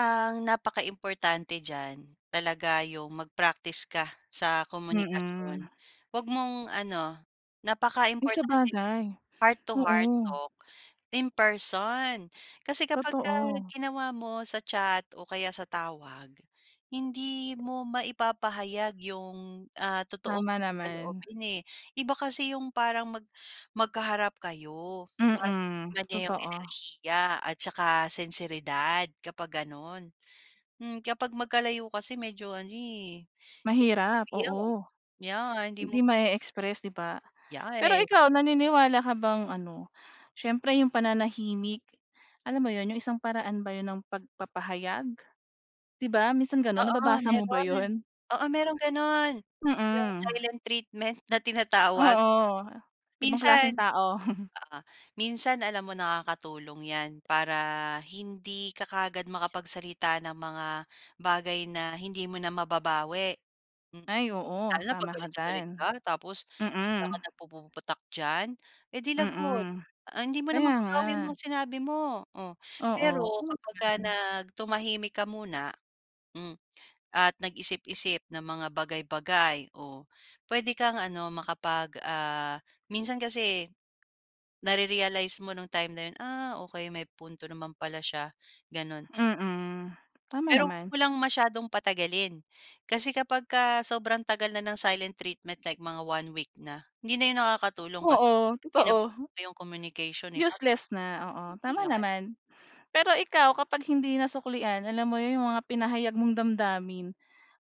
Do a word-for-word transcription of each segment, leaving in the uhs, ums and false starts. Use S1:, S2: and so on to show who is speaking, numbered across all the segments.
S1: Ang napakaimportante diyan talaga yung mag-practice ka sa komunikasyon
S2: Mm.
S1: wag mong ano
S2: Ay,
S1: napakaimportante,
S2: sabagay.
S1: heart to heart
S2: Oo.
S1: talk in person kasi kapagka
S2: Totoo.
S1: ginawa mo sa chat o kaya sa tawag hindi mo maipapahayag yung, ah, totoong
S2: Tama naman.
S1: saloobin, eh. Iba kasi yung parang mag magkaharap kayo, 'di ba,
S2: Mm,
S1: iba yung
S2: totoo.
S1: enerhiya at saka senseridad kapag gano'n. Hmm, kapag magkalayo kasi medyo ano, eh,
S2: Mahirap,
S1: yo
S2: oo.
S1: yeah, hindi
S2: Hindi
S1: mo bi
S2: ma-e-express, 'di ba? Pero
S1: Yeah.
S2: ikaw, naniniwala ka bang ano, siyempre 'yong pananahimik alam mo 'yon, 'yong isang paraan ba 'yon ng pagpapahayag, 'di ba, minsan gano'n
S1: Oo,
S2: nababasa mo ba
S1: mayro'n.
S2: 'yon?
S1: Oo, mayro'n gano'n, yung
S2: Mm.
S1: silent treatment na tinatawag.
S2: Oo, ibang
S1: Minsan,
S2: klaseng tao.
S1: oo, minsan alam mo nakakatulong yan para hindi ka kaagad makapagsalita ng mga bagay na hindi mo na mababawi. M
S2: Ay oo,
S1: Lalo na pag
S2: tama ka
S1: galit na galit
S2: diyan.
S1: ka tapos bigla ka
S2: Mm.
S1: nagpupuputak diyan, eh, di lagot,
S2: Mm,
S1: ah, hindi mo na
S2: kaya nga.
S1: mababawi yung mga sinabi mo, oh.
S2: Oo,
S1: Pero
S2: oo
S1: kapagka
S2: naman.
S1: nag tumahimik ka muna, m at nag-isip-isip ng mga bagay-bagay o puwede kang ano makapag ah, minsan kasi nare-realize mo nung time na 'yun, "Ah okey may punto naman pala siya." Gano'n.
S2: Mm, tama
S1: Pero 'wag
S2: naman.
S1: mo lang masyadong patagalin kasi kapagka sobrang tagal na ng silent treatment like mga one week na hindi na 'yun nakakatulong kasi
S2: Oo, totoo.
S1: pinapaano mo yung communication, eh, paano ka
S2: Useless na, oo, tama
S1: maiintindihan?
S2: naman. Pero ikaw kapag hindi nasuklian alam mo 'yun yung mga pinahayag mong damdamin,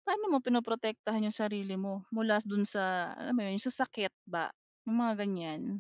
S2: paano mo pinoprotektahan yung sarili mo mula do'n sa, alam mo 'yun, sa sakit ba? Yung mga ganyan.